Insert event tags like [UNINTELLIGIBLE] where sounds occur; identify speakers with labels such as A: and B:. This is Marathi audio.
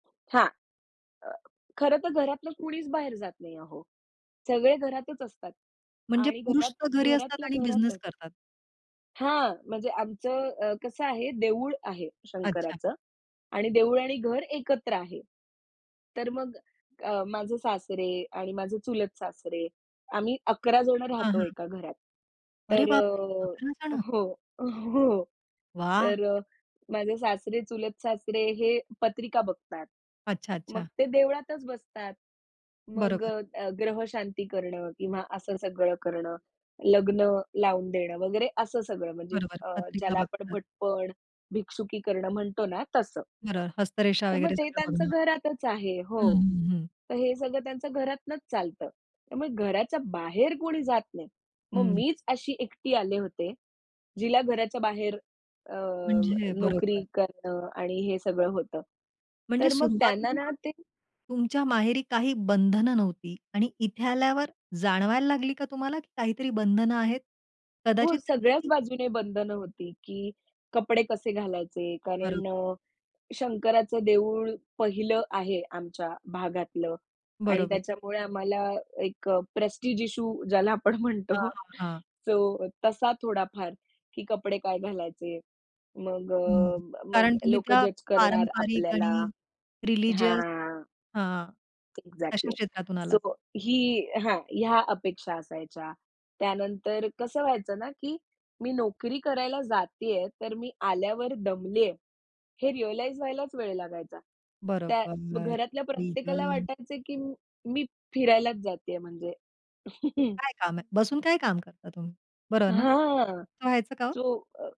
A: हां. अ, खरं तर घरातलं कुणीच बाहेर जात नाही अहो, सगळे घरातच असतात
B: म्हणजे
A: आणि
B: पुरुष तर
A: घरात
B: घरी असतात
A: घरातल्या
B: आणि बिझनेस
A: घरातच.
B: करतात.
A: हां, म्हणजे आमचं अ, कसं आहे, देऊळ आहे
B: अच्छा!
A: शंकराचं आणि देऊळ आणि घर एकत्र आहे. तर मग अ, माझे सासरे आणि माझे चुलत सासरे, आम्ही 11 जण
B: हां,
A: राहतो
B: हां.
A: एका घरात.
B: अरे
A: तर
B: बापरे! 11
A: अ, अ
B: जण.
A: हो, हो.
B: वाह!
A: तर अ, माझे सासरे, चुलत सासरे हे पत्रिका बघतात.
B: अच्छा,
A: मग
B: अच्छा.
A: ते देवळातच बसतात. मग
B: बरोबर.
A: अ, अ, ग्रहशांती करणं किंवा असं सगळं करणं, लग्न लावून देणं वगैरे, असं सगळं, म्हणजे
B: बरोबर
A: अ,
B: पत्रिका
A: ज्याला आपण
B: बघतात.
A: भटपण, भिक्षुकी करणं म्हणतो ना, तसं.
B: बरोबर हस्तरेषा
A: तर मग
B: वगैरे
A: ते
B: सगळं
A: त्यांचं
B: बघणं.
A: घरातच आहे
B: हं,
A: हो.
B: हं, हं.
A: तर हे सगळं त्यांच्या घरातूनच चालतं. त्यामुळे घराच्या बाहेर कोणी जात नाही. मग
B: हं.
A: मीच अशी एकटी आले होते, जिला घराच्या बाहेर अ,
B: म्हणजे अ,
A: नोकरी
B: बरोबर.
A: करणं आणि हे सगळं होतं.
B: म्हणजे
A: तर मग त्यांना ना
B: सुरुवातीला
A: ते
B: तुमच्या माहेरी काही बंधनं नव्हती आणि इथे आल्यावर जाणवायला लागली का तुम्हाला काहीतरी बंधनं आहेत?
A: हो,
B: कदाचित त्यांनी
A: सगळ्याच
B: ती
A: बाजूने बंधनं
B: [UNINTELLIGIBLE]
A: होती, की कपडे कसे घालायचे, कारण
B: बरोबर.
A: अ, शंकराचं देऊळ पहिलं आहे आमच्या भागातलं आणि
B: बरोबर.
A: त्याच्यामुळे आम्हाला एक अ, प्रेस्टीज इश्यू, ज्याला आपण
B: हां,
A: म्हणतो,
B: हां, हां.
A: सो, तसा थोडाफार, की कपडे काय घालायचे. मग
B: हं,
A: अ, मग
B: कारण तुम्ही
A: लोक
B: त्या
A: जज करणार
B: पारंपरिक
A: आपल्याला,
B: आणि रिलिजियस
A: हां.
B: हां, तशा
A: एक्झॅक्टली,
B: क्षेत्रातून
A: सो
B: आलात.
A: ही हां, ह्या अपेक्षा असायच्या. त्यानंतर कसं व्हायचं ना, की मी नोकरी करायला जातीये, तर मी आल्यावर दमलीये हे रिअलाईज व्हायलाच वेळ लागायचा. त्या
B: बरोबर.
A: घरातल्या
B: आई
A: प्रत्येकाला
B: गं!
A: वाटायचं की मी फिरायलाच जातीये, म्हणजे. [CHUCKLES]
B: "काय काम आहे? बसून काय काम करता तुम्ही?" बरोबर ना?
A: हां.
B: असं व्हायचं का ओ?
A: चो अ